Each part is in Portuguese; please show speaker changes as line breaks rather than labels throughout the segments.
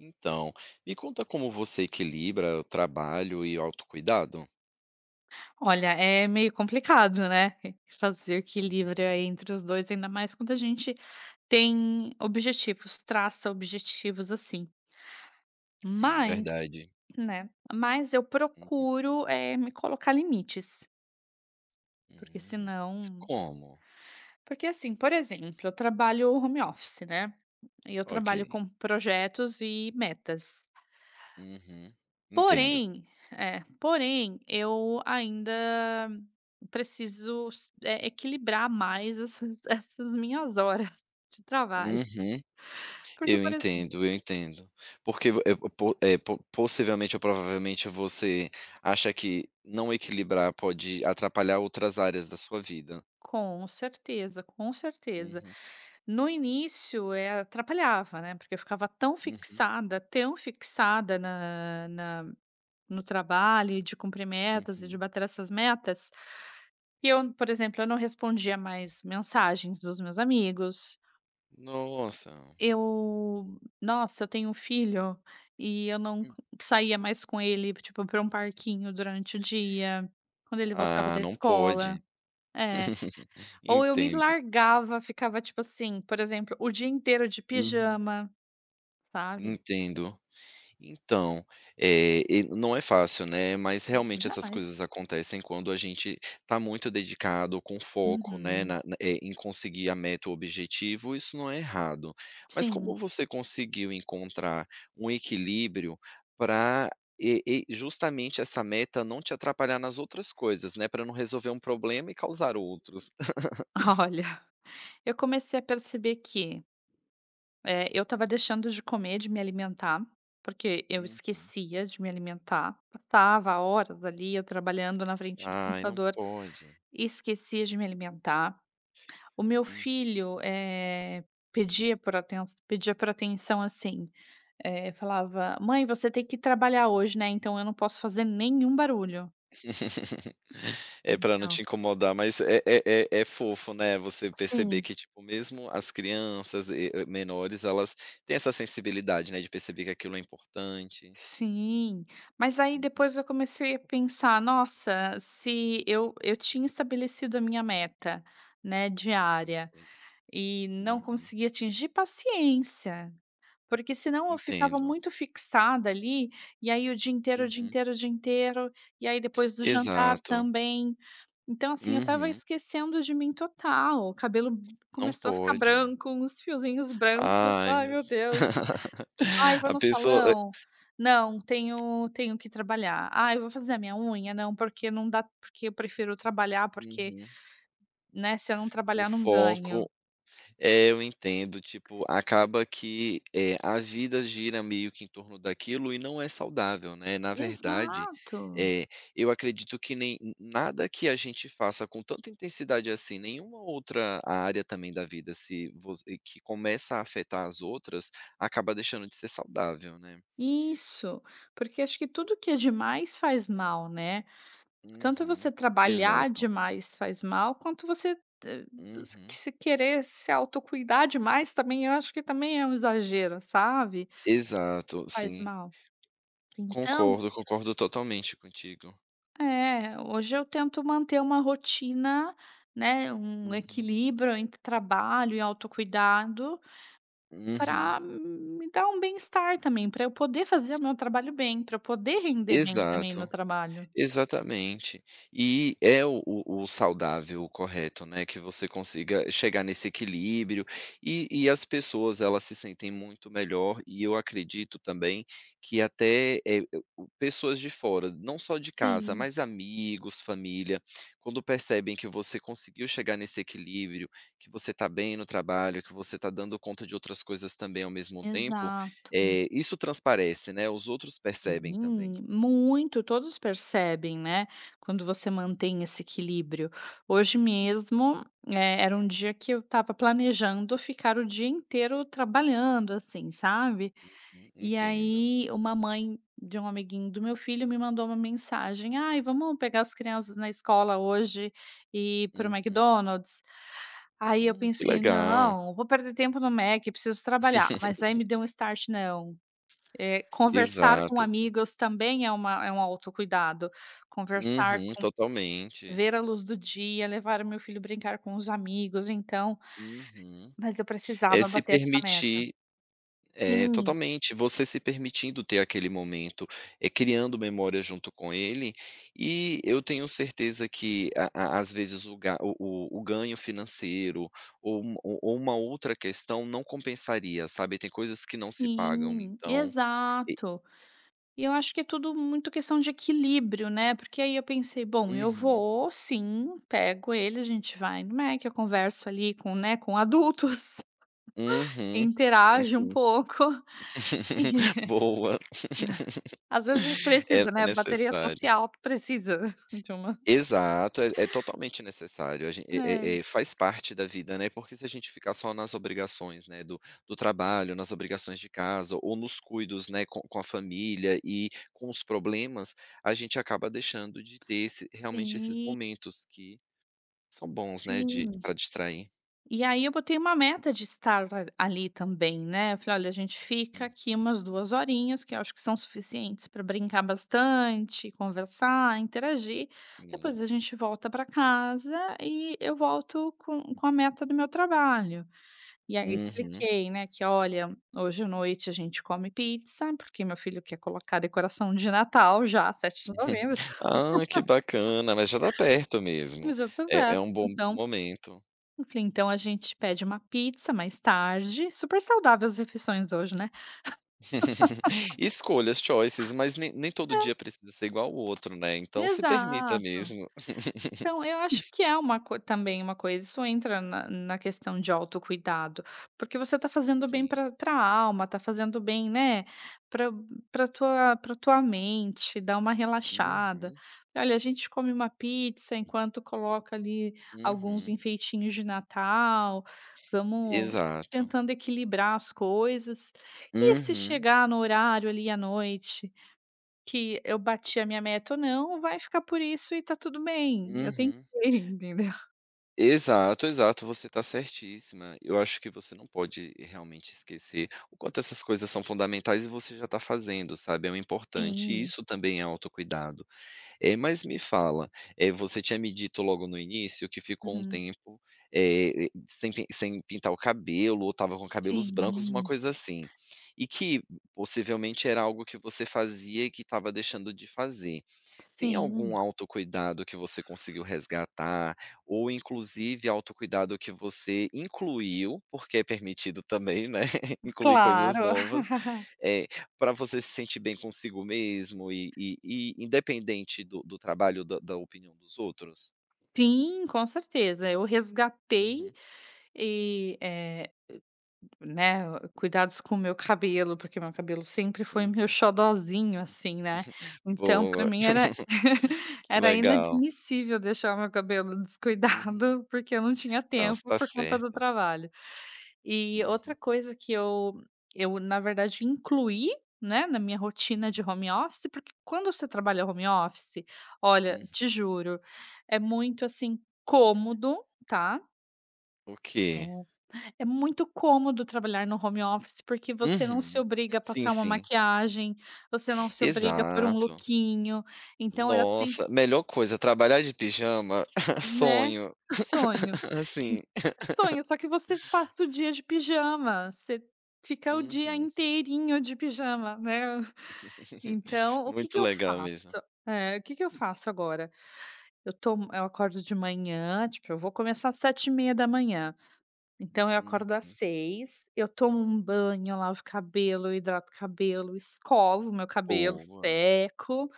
Então, me conta como você equilibra o trabalho e o autocuidado?
Olha, é meio complicado, né? Fazer
Uhum.
equilíbrio entre os 2, ainda mais quando a gente tem objetivos, traça objetivos assim.
Sim,
Mas
verdade.
né, mas eu
Uhum.
procuro, eh, me colocar limites. Porque se
Hum.
não
Como?
Porque, assim, por exemplo, eu trabalho home
Hum.
office, né? E eu trabalho
Ok.
com projetos e metas.
Uhum. Entendo.
Porém é, porém eu ainda preciso s eh, equilibrar mais essas essas minhas horas de trabalho.
Uhum.
Porque,
Eu
por exemplo
entendo, eu entendo. Porque vo eh, po eh, po possivelmente ou provavelmente, você acha que não equilibrar pode atrapalhar outras áreas da sua vida.
Com certeza, com certeza.
Uhum.
No início, eh, atrapalhava, né, porque ficava tão
Uhum.
fixada, tão fixada na na no trabalho, e de cumprir metas, e de
Uhum.
bater essas metas, que eu, por exemplo, eu não respondia mais mensagens dos meus amigos.
Nossa!
Eu nossa, eu tenho um filho e eu não c
Hum.
saía mais com ele, tipo, para um parquinho durante o dia quando ele voltava
Ah,
da
não pode.
escola. É. Ou eu me
Entendo.
largava ficava, tipo assim, por exemplo, o dia inteiro de
Uhum.
pijama, sabe?
Entendo. Então, eh, e não é fácil, né, mas
Hum,
realmente essas
jamais.
coisas acontecem quando a gente está muito dedicado, com foco, né,
Uhum.
na, eh, em conseguir a meta ou objetivos, isso não é errado. Mas como
Sim.
você conseguiu encontrar um equilíbrio pra e e justamente essa meta não te atrapalhar nas outras coisas, né, pra não resolver um problema e causar outros?
Olha, eu comecei a perceber que, eh, eu estava deixando de comer, de me alimentar, porque eu
Uhum.
esquecia de me alimentar. Passava horas ali eu trabalhando na frente do
Ai, não
computador,
pode.
esquecia de me alimentar. O meu
Uhum.
filho, eh, pedia por atenção pedia por atenção, assim, eh, falava: "Mãe, você tem que trabalhar hoje, né, então eu não posso fazer nenhum barulho".
É, pra não te
Então.
incomodar. Mas é é é é fofo, né, você perceber
Sim.
que, tipo, mesmo as crianças e e menores, elas têm essa sensibilidade, né, de perceber que aquilo é importante.
Sim! Mas aí
Uhum.
depois eu comecei a pensar: "Nossa, se eu eu tinha estabelecido a minha meta, né, diária
Entendo.
e não
Uhum.
consegui atingir, paciência". Porque senão eu ficava
Entendo.
muito fixada ali e aí o dia inteiro, o dia
Uhum.
inteiro, o dia inteiro. E aí depois do jantar
Exato.
também. Então, assim, eu estava
Uhum.
esquecendo de mim total. O cabelo
Não
começou a ficar
pode.
branco, uns fiozinhos brancos.
Ai
"Ai
meu
meu Deus. Ai, vou
A
no
pessoa e
salão? Não tenho tenho que trabalhar. Ai eu vou fazer a minha unha? Não porque não dá porque eu prefiro trabalhar, porque,
Uhum.
né, se eu não
O
trabalhar, não ganho".
foco É, eu entendo. Tipo, acaba que, eh, a vida gira, meio que, em torno daquilo, e não é saudável, né? Na verdade,
Exato.
eh, eu acredito que nem nada que a gente faça com tanta intensidade assim, nenhuma outra área também da vida, se você que começa a afetar as outras, acaba deixando de ser saudável, né?
Isso. Porque acho que tudo que é demais faz mal, né? Tanto
Uhum,
você trabalhar
exato.
demais faz mal quanto você
Uhum.
se querer se autocuidar demais também, eu acho que também é um exagero, sabe?
Exato.
Faz
Sim.
mal. Então
Concordo, concordo totalmente contigo.
É. Hoje eu tento manter uma rotina, né, um
Uhum.
equilíbrio entre trabalho e autocuidado
Uhum.
para me dar um bem-estar também, pra eu poder fazer meu trabalho bem, pra eu poder render bem também no
Exato.
trabalho.
Exatamente. E é o o saudável, o correto, né, que você consiga chegar nesse equilíbrio. E e as pessoas elas se sentem muito melhor, e eu acredito também, que até, eh, o o pessoas de fora, não só de casa,
Sim.
mas amigos, família, quando percebem que você conseguiu chegar nesse equilíbrio, que você está bem no trabalho, que você está dando conta de outras coisas também ao mesmo tempo,
Exato.
eh, isso transparece né, os outros
Em
percebem também.
mim? Muito, todos percebem, né, quando você
Uhum.
mantém esse equilíbrio. Hoje
Hum.
mesmo, eh, era um dia que eu estava planejando ficar o dia inteiro trabalhando, assim, sabe.
Uhum,
E
entendo.
aí, uma mãe de um amiguinho do meu filho me mandou uma mensagem: "Ai, vamos pegar as crianças na escola hoje e ir pro
Uhum.
McDonald's?" Aí eu
Hum, que
pensei:
legal.
"Não, não vou perder tempo no Méqui, preciso trabalhar". Mas aí me deu start: "Não, eh conversar com
Exato, tão
amigos também é uma é um autocuidado. Conversar
Uhum,
com
totalmente.
ver a luz do dia, levar o meu filho, brincar com os amigos". Então
Uhum.
mas eu
É
precisava
se
bater essa meta.
permitir eh,
Sim.
totalmente, você se permitindo ter aquele momento, eh, criando memória junto com ele. E eu tenho certeza que a a às vezes o ga o o o ganho financeiro, ou um ou ou uma outra questão não compensaria, sabe, tem coisas que não se pagam.
Sim,
Então e
exato. E eu acho que tudo muito questão de equilíbrio, né? Porque aí eu pensei: "Bom, eu
Uhum.
vou, sim, pego ele, a gente vai no Méqui, eu converso, ali, com né, com adultos,
Uhum. Sim,
interajo um
sim.
pouco".
Boa.
Às vezes a gente precisa,
Essa é
né, bateria
necessária.
social precisa de uma
Exato, é é totalmente necessário. A gente eh eh
É.
eh, faz parte da vida, né? Porque se a gente ficar só nas obrigações, né, do do trabalho, nas obrigações de casa ou nos cuidados, né, com com a família e com os problemas, a gente acaba deixando de ter esse
Sim.
realmente, esses momentos que são bons, né, de
Sim.
pra distrair.
E aí, eu botei uma meta de estar a ali também, né. Eu falei: "Alha, a gente fica
Hum.
aqui umas 2 horinhas que eu acho que são suficientes pra brincar bastante, conversar, interagir,
Sim.
depois a gente volta pra casa e eu volto com com a meta do meu trabalho". E aí
Uhum.
expliquei, né, que: "Olha, hoje à noite a gente come pizza, porque meu filho quer colocar decoração de Natal já", 7 de novembro
Ah, que bacana! Mas já está perto mesmo.
E já está
É é
perto.
um bom
Então,
momento.
enfim então a gente pede uma pizza mais tarde super saudável as refeições hoje, né?
Escolhas, choices. Mas nem nem todo
É.
dia precisa ser igual o outro, né. Então se permita
Exato.
mesmo.
Então, eu acho que é uma co também uma coisa isso entra na na questão de autocuidado, porque você está fazendo bem
Sim.
pra pra alma, está fazendo bem, né, pra pra tua pra tua mente, dar uma relaxada.
Uhum.
E olha: "A gente come uma pizza enquanto coloca ali alguns
Uhum.
enfeitinhos de Natal, vamos
Exato.
tentando equilibrar as coisas. E se
Uhum.
chegar no horário ali à noite, que eu bati a minha meta ou não, vai ficar por isso e está tudo bem, eu tentei",
Uhum.
entendeu?
Exato, exato. Você está certíssima. Eu acho que você não pode, realmente, esquecer o quanto essas coisas são fundamentais. E você já está fazendo, sabe, é importante e
Sim.
isso também é autocuidado. Eh, mas me fala, eh, você tinha me dito logo no início que ficou um
Uhum.
tempo, eh, sem pi sem pintar o cabelo ou estava com cabelos brancos, uma
Sim.
coisa assim. E que, possivelmente, era algo que você fazia e que estava deixando de fazer. Tem
Sim.
algum autocuidado que você conseguiu resgatar? Ou, inclusive, autocuidado que você incluiu, porque é permitido também, né, incluir coisas
Claro.
novas, eh, pra você se sentir bem consigo mesmo? E e e independente do do trabalho da da opinião dos outros?
Sim, com certeza! Eu resgatei
Uhum.
e, eh o né, o cuidados com o meu cabelo, porque meu cabelo sempre foi meu
Uhum.
xodozinho, assim, né. Então, pra
Boa!
mim era
Que
era
legal.
inadmissível deixar meu cabelo
Uhum.
descuidado porque eu não tinha
Não, você
tempo
está
por conta do
certa.
trabalho. E outra
Uhum.
coisa que eu eu na verdade incluí, né, na minha rotina de
Uhum.
home office porque quando você trabalha home office, olha,
Uhum.
te juro, é muito, assim, cômodo, tá
O
É
quê?
é muito cômodo trabalhar no home office, porque você não se
Uhum.
obriga a
Sim,
passar uma
sim.
maquiagem, você não se obriga a pôr um
Exato.
lookinho, então é assim
Nossa. Melhor coisa, trabalhar de pijama,
Né,
sonho
sonho. En
sim.
sonho, só que você passa o dia de pijama. Você fica o dia
Uhum.
inteirinho de pijama, né. Então, o que
Muito
que eu
legal mesmo.
faço eh, o que que eu faço agora, eu tomo eu acordo de manhã, tipo, eu vou começar às 7h30, então eu acordo às
Uhum.
6h, eu tomo um banho, eu lavo o cabelo, eu hidrato o cabelo, eu escovo o meu cabelo,
Boa.
seco.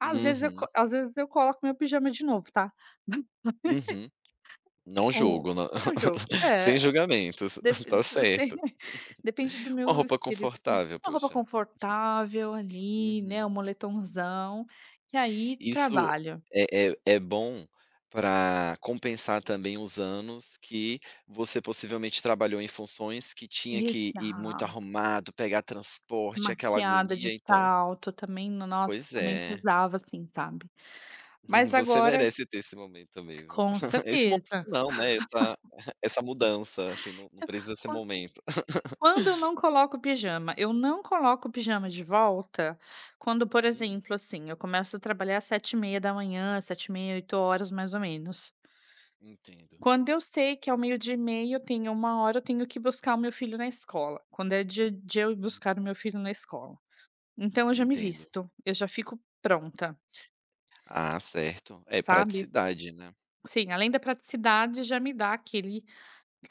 Às vezes eu co
Uhum.
às vezes eu coloco meu pijama de novo, tá.
Uhum. Não
O
julgo, nã
é o jogo,
sem
é.
julgamentos,
Depe
está
[unintelligible]
certo.
depende do
Uma
meu
roupa
espírito.
confortável,
Uma roupa
poxa.
confortável, ali, né,
Uhum.
um moletonzão. E aí,
Isso
trabalho.
é é é bom pra compensar, também, os anos que você possivelmente trabalhou em funções que tinha que ir muito
Exato.
arrumado, pegar transporte, aquela
Maquiada, de
agonia, então
salto também, no nosso
Pois
[unintelligible]
é.
pesava, assim, sabe. Mas
Você
agora
merece ter esse momento mesmo.
Com
Esse momento
certeza.
não, né, essa essa mudança, assim, não não precisa ser
Quan
momento.
quando eu não coloco pijama, eu não coloco pijama de volta quando, por
Hum.
exemplo, assim, eu começo a trabalhar 7h30, 7h30, 8h, mais ou menos.
Entendo.
Quando eu sei que ao meio-dia e meia, eu tenho 13h eu tenho que buscar o meu filho na escola, quando é dia de eu ir buscar o meu filho na escola. Então eu já me
Entendo.
visto, eu já fico pronta.
Ah, certo. É,
Sabe.
praticidade, né.
Sim, além da praticidade, já me dá aquele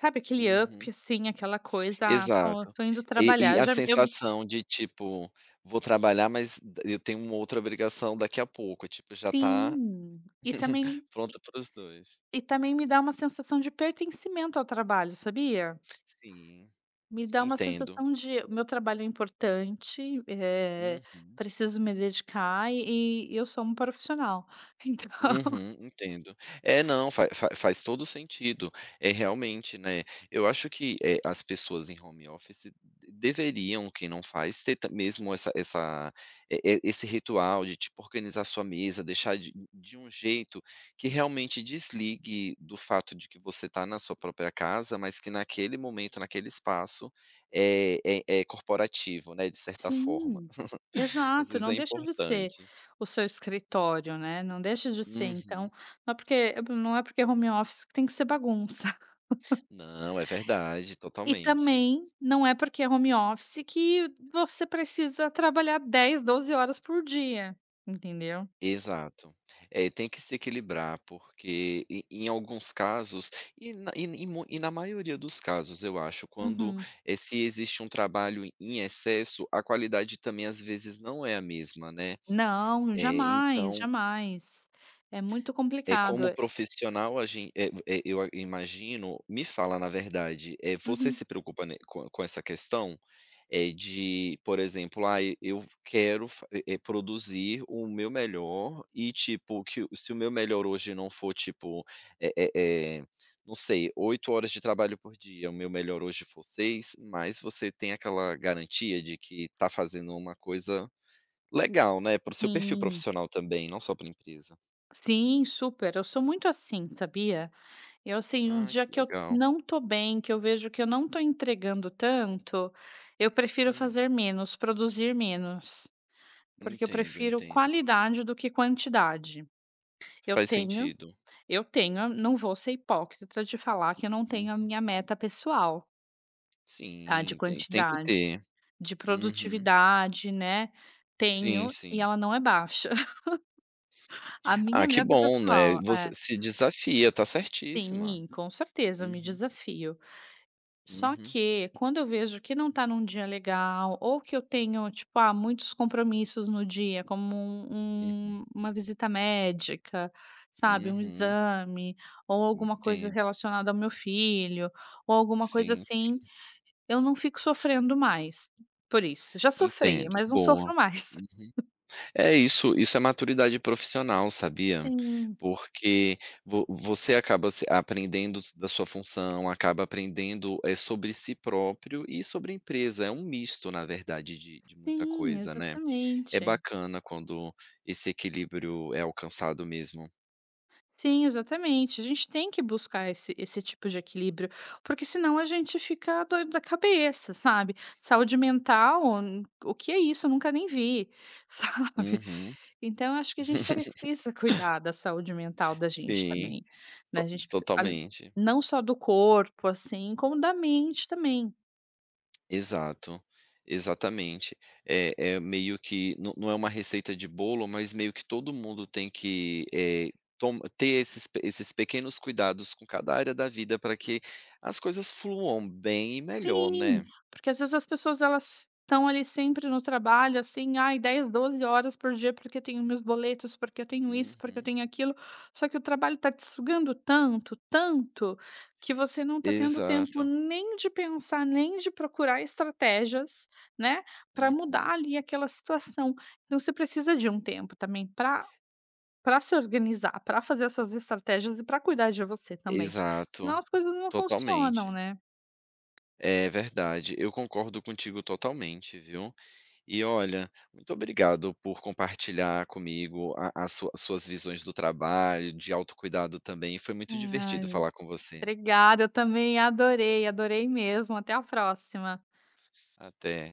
sabe, aquele
Uhum.
up, assim, aquela coisa: "Ah, esto
Exato.
estou indo
E
trabalhar,
e
eu
a
já eu me"
sensação de tipo: "Vou trabalhar, mas d eu tenho uma outra obrigação daqui a pouco", tipo, já está
Sim. E também
pronta para os 2.
e também me dá uma sensação de pertencimento ao trabalho, sabia?
Sim.
Me dá uma
Entendo.
sensação de: "O meu trabalho é importante, eh,
Uhum.
preciso me dedicar, e e eu sou uma profissional." Então
Uhum, entendo. É, não, faz faz faz todo o sentido, é realmente, né, eu acho que, eh, as pessoas em home office d deveriam, quem não faz, ter ta mesmo essa essa e e esse ritual de, tipo, organizar a sua mesa, deixar de de um jeito que realmente desligue do fato de que você está na sua própria casa, mas que naquele momento, naquele espaço, é é é corporativo, né, de certa forma.
Sim.
Às
Exato,
vezes é
não deixa de ser
importante.
o seu escritório, né. Não deixa de ser,
Uhum.
então não é porque hã, não é porque é home office, que tem que ser bagunça.
Não, é verdade,
E
totalmente.
também, não é porque é home office, que você precisa trabalhar 10, 12 horas por dia, entendeu.
Exato. Eh, tem que se equilibrar, porque e em alguns casos e na e e mui e na maioria dos casos, eu acho, quando,
Uhum.
eh, se existe um trabalho em excesso, a qualidade também, às vezes, não é a mesma, né.
Não,
Eh,
jamais,
então
jamais. É muito
É,
complicado,
como
é
profissional a gent eh u eh, eu a eu imagino me fala, na verdade, eh, você
Uhum.
se preocupa, né, com com essa questão, eh, de, por exemplo, "Ai, eu v quero f eh eh, produzir o meu melhor, e tipo, que o se o meu melhor hoje não for, tipo, eh eh eh, não sei, 8 horas de trabalho por dia, o meu melhor hoje for 6", mas você tem aquela garantia de que está fazendo uma coisa legal, né, para o seu perfil
Sim.
profissional também, não só pra empresa.
Sim, super, eu sou muito assim sabia? Eu sei o
Ah, que
dia que eu
legal.
não estou bem, que eu vejo que eu não estou entregando tanto, eu prefiro
Hum.
fazer menos, produzir menos, porque eu
Entendo,
prefiro
entendo.
qualidade do que quantidade. Eu
Faz
tenho,
sentido.
eu tenho. Não vou ser hipócrita de falar que eu não tenho a
Uhum.
minha meta pessoal. Tá, de
Sim, tem tem que
quantidade,
ter.
de
Uhum.
produtividade, né?
Sim,
Tenho e
sim.
ela não é baixa. A
Ah
minha
que
meta
bom, né?
pessoal.
Você
É.
se desafia. Está certíssima.
Sim, com certeza, me
Uhum.
desafio. Só
Uhum.
que, quando eu vejo que não está num dia legal ou que eu tenho tipo, ah, muitos compromissos no dia como
Uhum.
um uma visita médica, sabe, um
Uhum.
exame ou alguma coisa
Entendo.
relacionada ao meu filho ou alguma coisa
Sim,
assim,
sim.
eu não fico sofrendo mais por isso, já sofri
Entendo.
mas não
Boa.
sofro mais.
[unintelligible] É isso. Isso é maturidade profissional, sabia?
Sim.
Porque vo você acaba se aprendendos da sua função, acaba aprendendo, eh, sobre si próprio e sobre a empresa. É um misto, na verdade de de muita
Sim,
coisa, né? É
exatamente.
bacana quando esse equilíbrio é alcançado mesmo.
Sim, exatamente. A gente tem que buscar esse esse tipo de equilíbrio, porque se não a gente fica doido da cabeça, sabe? "Saúde mental,
[unintelligible]
hum, o que é isso? Eu nunca nem vi." Sabe?
Uhum.
Então, acho que a gente precisa cuidar da saúde mental da gente
Sim.
também, né? A
To
gente pre [unintelligible]
totalmente.
não só do corpo, assim, como da mente também.
Exato. Exatamente. É é meio que não não é uma receita de bolo, mas meio que todo mundo tem que, eh, tom ter esses esses pequenos cuidados com cada área da vida para que as coisas fluam bem e melhor,
Sim,
né?
porque às vezes as pessoas elas estão ali sempre no trabalho, assim: "Ai, 10, 12h por dia porque tenho meus boletos, porque eu tenho isso, porque eu
Uhum.
tenho aquilo." Só que o trabalho está te sugando tanto, tanto, que você não está tendo tempo
Exato.
nem de pensar, nem de procurar estratégias, né, para
Uhum.
mudar ali aquela situação. Então você precisa de um tempo também para pára se organizar, para fazer as suas estratégias e para cuidar de você também. Se não
Exato.
as coisas não funcionam,
Totalmente.
né?
É. Verdade. Eu concordo contigo totalmente, viu? E olha, muito obrigado por compartilhar comigo a a sua suas visões do trabalho, de autocuidado também e foi muito divertido falar com você.
Obrigada. Eu também adorei. Adorei mesmo. Até a próxima.
Até.